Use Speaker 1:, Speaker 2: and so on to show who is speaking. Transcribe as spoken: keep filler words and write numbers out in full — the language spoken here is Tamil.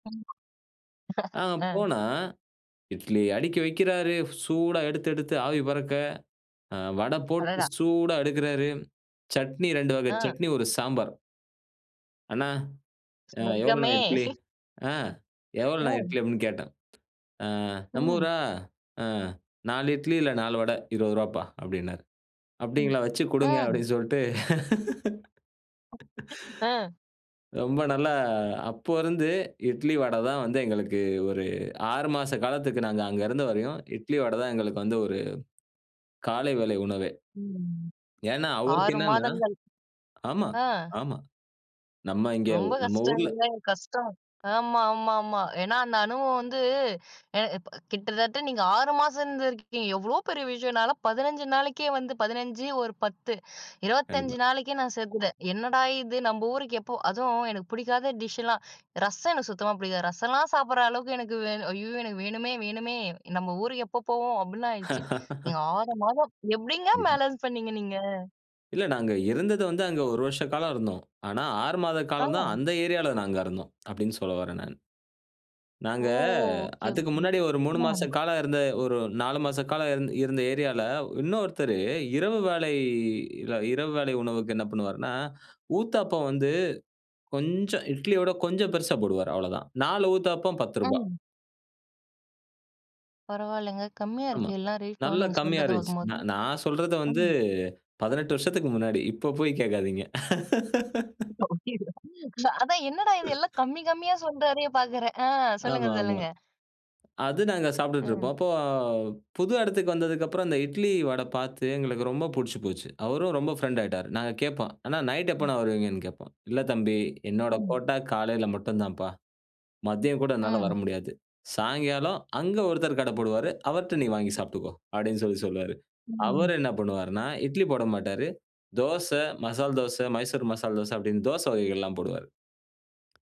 Speaker 1: ஆமா.
Speaker 2: அ,
Speaker 1: அ.
Speaker 2: போனா, இட்லி அடிக்கி வக்கிறாரு, சூடா எடுத்து எடுத்து ஆவி பறக்க, அ, வடை போட்டு
Speaker 1: அடடா!
Speaker 2: சூடா எடுக்குறாரு. சட்னி ரெண்டு வகை
Speaker 1: அ.
Speaker 2: சட்னி, ஒரு சாம்பார். "அண்ணா, அ, எவ்வளவுனா
Speaker 1: சொர்க்கமே!
Speaker 2: இட்லி? அ,
Speaker 1: ஓ!
Speaker 2: எவ்வளவுனா இட்லி?" அப்டினு கேட்டேன். அ, "நம்ம
Speaker 1: ம்.
Speaker 2: ஊரா? அ, நாலு இட்லி இல்ல நாலு வடை. இருவது ரூவாபா" அப்டின்னாரு.
Speaker 1: ம்.
Speaker 2: "அப்டிங்களா, வச்சு குடுங்க."
Speaker 1: ம்.
Speaker 2: அப்டினு சொல்லிட்டு.
Speaker 1: அ.
Speaker 2: ரொம்ப நல்லா, அப்ப இருந்து இட்லி வடதான் வந்து, எங்களுக்கு ஒரு ஆறு மாச காலத்துக்கு, நாங்க அங்க இருந்தவரையும் இட்லி வட தான், எங்களுக்கு வந்து ஒரு, காலை வேளை உணவே.
Speaker 1: ம்.
Speaker 2: ஏனா, அவருக்கு
Speaker 1: ஆறு
Speaker 2: என்னன்னா
Speaker 1: மாதங்கள்.
Speaker 2: ஆமா,
Speaker 1: அ.
Speaker 2: ஆமா. நம்ம இங்கேவ்
Speaker 1: ரொம்ப
Speaker 2: நம்ம ஊர்ல
Speaker 1: கஷ்டங்கில்ல, கஷ்டம். ஆமா, ஆமா, ஆமா. ஏன்னா அந்த அனுபவம் வந்து, எ ப கிட்டத்தட்ட நீங்க ஆறு மாசம் இருந்துருக்கீங்க. எவ்ளோ பெரிய விஷயம்! நான்லாம் பதினஞ்சு நாளைக்கே வந்து பதினஞ்சு, ஒரு பத்து.
Speaker 2: கண்டிப்பா.
Speaker 1: இருபத்தஞ்சு நாளைக்கே நான் சேத்துட்டேன். "என்னடா இது! நம்ம ஊருக்கு எப்போ?" அதுவும் எனக்கு புடிக்காத டிஷ்லாம், ரசம் எனக்கு சுத்தமா பிடிக்காது. ரசலாம் சாப்டுற அளவுக்கு எனக்கு வேணும். "ஐய்யய்யோ! எனக்கு வேணுமே, வேணுமே. நம்ம ஊருக்கு எப்போ போவோம்?" அப்டின்னு ஆயிடுச்சு. நீங்க ஆறு மாதம். எப்டிங்க
Speaker 2: கண்டிப்பா.
Speaker 1: பேலன்ஸ் பண்ணீங்க நீங்க?
Speaker 2: இல்ல நாங்க இருந்தது வந்து, அங்க ஒரு வருஷ காலம் இருந்தோம். ஆனா, ஆறு மாத காலந்தான்
Speaker 1: அ!
Speaker 2: அந்த ஏரியால நாங்க இருந்தோம், அப்டின்னு சொல்லவறேன் நான்.
Speaker 1: ஓ!
Speaker 2: நாங்க,
Speaker 1: ஓகே,
Speaker 2: அதுக்கு
Speaker 1: ஓகே.
Speaker 2: முன்னாடி ஒரு மூணு
Speaker 1: ம்.
Speaker 2: மாச காலம் இருந்த, ஒரு நாலு மாச காலம் இருந் இருந்த ஏரியால இன்னொருத்தரு இரவு வேளை இர இரவு வேளை உணவுக்கு என்ன பண்ணுவாருன்னா, ஊத்தாப்பம் வந்து, கொஞ்சம் இட்லியோட கொஞ்சம் பெருசா போடுவாரு அவ்வளவுதான். நாலு ஊத்தாப்பம் பத்து ருபா
Speaker 1: அம். பரவாயில்லங்க. கம்மியா
Speaker 2: ஆமா.
Speaker 1: இருக்கு, எல்லா ரேட்டும்.
Speaker 2: நல்லா
Speaker 1: நீங்க
Speaker 2: கம்மியா
Speaker 1: சொல்றத
Speaker 2: இருந்துச்சு. நா
Speaker 1: பாக்கும்போது.
Speaker 2: நான் சொல்றது வந்து
Speaker 1: ம்.
Speaker 2: பதினெட்டு வருஷத்துக்கு முன்னாடி. இப்ப போய் கேக்காதீங்க.
Speaker 1: ஓ! அப்டியா, அதான் என்னடா இது எல்லாம் கம்மி கம்மியா சொல்றாரே பாக்குறேன். அ, சொல்லுங்க.
Speaker 2: ஆமா, ஆமா.
Speaker 1: சொல்லுங்க.
Speaker 2: அது நாங்க சாப்டுட்டு இருப்போம்.
Speaker 1: ம்.
Speaker 2: அப்போ புது எடத்துக்கு வந்ததுக்கப்பறம், அந்த இட்லி, வடை பாத்து எங்களுக்கு ரொம்ப புடிச்சி போச்சு. அவரும் ரொம்ப ஃப்ரண்ட் ஆயிட்டாரு. நாங்க கேப்போம், "அண்ணா நைட்
Speaker 1: ம்.
Speaker 2: எப்பண்ணா வருவீங்கன்னு?" கேப்போம். "இல்ல தம்பி, என்னோட
Speaker 1: ம்.
Speaker 2: கோட்டா காலையில மட்டுந்தாப்பா. மதியம் கூட என்னால
Speaker 1: ம்.
Speaker 2: வரமுடியாது. சாயங்காலம் அங்க ஒருத்தர் கடை போடுவாரு. அவர்ட்ட நீ வாங்கி சாப்ட்டுக்கோ." அப்டின்னு சொல்லி சொல்லுவாரு.
Speaker 1: ம்.
Speaker 2: அவர் என்ன பண்ணுவாருனா, இட்லி போடமாட்டாரு. தோச, மசால் தோச, மைசூர் மசால் தோச அப்டின்னு, தோச வகைகள்லாம் போடுவார்.